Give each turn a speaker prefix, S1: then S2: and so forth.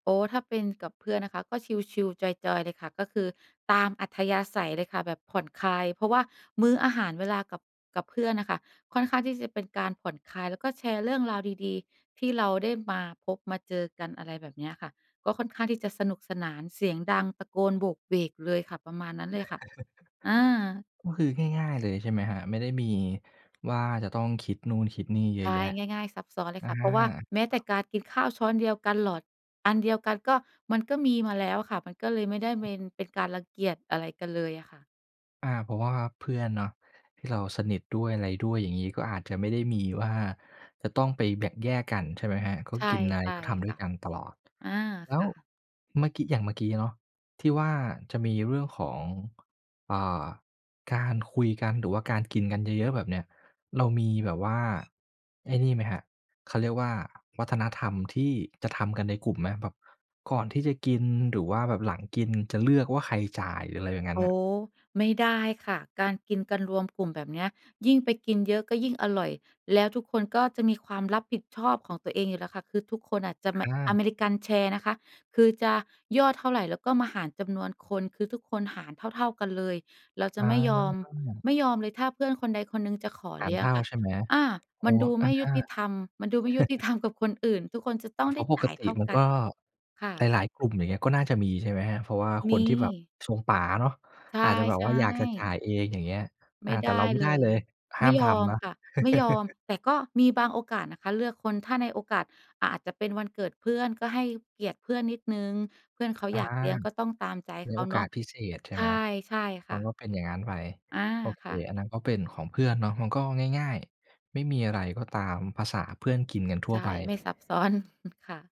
S1: โอ้ ถ้าเป็นกับเพื่อนนะคะ ก็ชิล ๆ จอย ๆ เลยค่ะ ก็คือตามอัธยาศัยเลยค่ะ แบบผ่อนคลาย เพราะว่ามื้ออาหาร เวลากับ กับเพื่อนน่ะค่ะ ค่อนข้างที่จะเป็นการผ่อนคลาย แล้วก็แชร์เรื่องราวดี ๆ ที่เราได้มาพบมาเจอกัน อะไรแบบเนี้ยค่ะ ก็ค่อนข้างที่จะสนุกสนาน เสียงดัง ตะโกนโหวกเหวกเลยค่ะ ประมาณนั้นเลยค่ะ อา
S2: ก็คือ ง่าย ๆ เลยใช่ไหมครับ ไม่ได้มีว่าจะต้องคิดนู่นคิดนี่เยอ
S1: ใช
S2: ะแ
S1: ่
S2: ยะ?
S1: ง่าย ๆ ซับซ้อนเล
S2: อ
S1: ย
S2: า
S1: ค่ะ เพราะว่าแม้แต่การกินข้าวช้อนเดียวกัน หลอดอันเดียวกัน ก็ มันก็มีมาแล้วค่ะ มันก็เลยไม่ได้เมน เป็นการรังเกียจอะไรกันเลยอะค่ะ
S2: อา เพราะว่าเพื่อนเนาะ ที่เราสนิทด้วยอะไรด้วย อย่างงี้ ก็อาจจะไม่ได้มีว่าจะต้องไปแบ่งแยกกันใช่ไหมครับ? ก็
S1: ใช
S2: กินอะไร
S1: ่
S2: ก็ทำ
S1: ๆ
S2: ด
S1: ค
S2: ้ว
S1: ่
S2: ย
S1: ะ
S2: กันตลอด
S1: อา
S2: แล้
S1: ค
S2: ว
S1: ่ะ
S2: เมื่อกี้ อย่างเมื่อกี้เนาะ ที่ว่าจะมีเรื่องของ อ่า การคุยกัน หรือว่าการกินกันเยอะ ๆ แบบเนี้ย เรามีแบบว่า ไอ้นี่ไหมครับ เขาเรียกว่าวัฒนธรรมที่จะทำกันในกลุ่มไหม แบบก่อนที่จะกินหรือว่าแบบหลังกิน จะเลือกว่าใครจ่าย หรืออะไรอย่างงั้น
S1: อ๋
S2: น่
S1: อ
S2: ะ?
S1: ไม่ได้ค่ะ การกินกันรวมกลุ่มแบบเนี้ย ยิ่งไปกินเยอะก็ยิ่งอร่อย แล้วทุกคนก็จะมีความรับผิดชอบของตัวเองอยู่แล้วค่ะ คือทุกคนอาจจะแม
S2: อ
S1: ะ
S2: า
S1: อเมริกันแชร์นะคะ คือจะยอดเท่าไรเราก็มาหารจำนวนคน คือทุกคนหารเท่า ๆ กันเลย เราจ
S2: อ
S1: ะไม่ยอม
S2: า
S1: ไม่ยอมเลย ถ้าเพื่อนคนใดคนหนึ่งจะขอ
S2: หา
S1: เล
S2: ร
S1: ี้ย
S2: เ
S1: ง
S2: ท่า
S1: ค่ะ
S2: ใช่ไหม?
S1: อา
S2: อ๋
S1: ม
S2: อ
S1: ันดู
S2: อ
S1: ไ
S2: า
S1: ม่
S2: ฮ
S1: ยุ
S2: ะ
S1: ติธรรม มันดูไม่ยุติธรรมกับคนอื่น ทุกคนจะต้
S2: อ
S1: อง
S2: า เ
S1: ไ
S2: พ
S1: ด
S2: ร
S1: ้
S2: าะป
S1: จ่
S2: ก
S1: าย
S2: ต
S1: เท
S2: ิ
S1: ่า
S2: มัน
S1: กั
S2: ก็
S1: น ค่
S2: ห
S1: ะ
S2: ลาย ๆ กลุ่ม อย่างเงี้ย ก็น่าจะมีใช่ไหมครับ? เพราะว่าค
S1: ม
S2: นที่แบบ
S1: ี
S2: ทรงป๋าเนาะ
S1: ใช
S2: อาจจะแบบว่า
S1: ่
S2: อยากจะจ่า
S1: ๆ
S2: ยเอง อย่างเงี้ย
S1: ไ
S2: อ
S1: ม
S2: า
S1: ่
S2: แ
S1: ไ
S2: ต่
S1: ด
S2: เรา
S1: ้
S2: ไม่
S1: เ
S2: ไ
S1: ล
S2: ด้เล
S1: ย
S2: ย ห
S1: ไ
S2: ้
S1: ม
S2: า
S1: ่
S2: ม
S1: ย
S2: ท
S1: อม
S2: ำนะ
S1: ค่ะ ไม่ยอม แต่ก็มีบางโอกาสนะคะ เลือกคน ถ้าในโอกาส อะ อาจจะเป็นวันเกิดเพื่อนก็ให้เกียรติเพื่อนนิดหนึ่ง เพื่อนเขา
S2: อ
S1: อ
S2: า
S1: ยากเลี้ยงก็ต้องตามใจ
S2: ใน
S1: เขา
S2: โอ
S1: เ
S2: ก
S1: นา
S2: า
S1: ะ
S2: สพิเศษใช่
S1: ใช
S2: ไห
S1: ่
S2: ม
S1: ใช่ค
S2: มั
S1: ่
S2: น
S1: ะ
S2: ก็เป็นอย่างงั้นไป
S1: อา
S2: โอเค
S1: ค่ะ
S2: อันนั้นก็เป็นของเพื่อนเนาะ มันก็ง่าย ๆ ไม่มีอะไร ก็ตามภาษาเพื่อนกินกันท
S1: ใ
S2: ั่
S1: ช
S2: ว
S1: ่
S2: ไป
S1: ไม่ซับ ซ้อน ค่ะ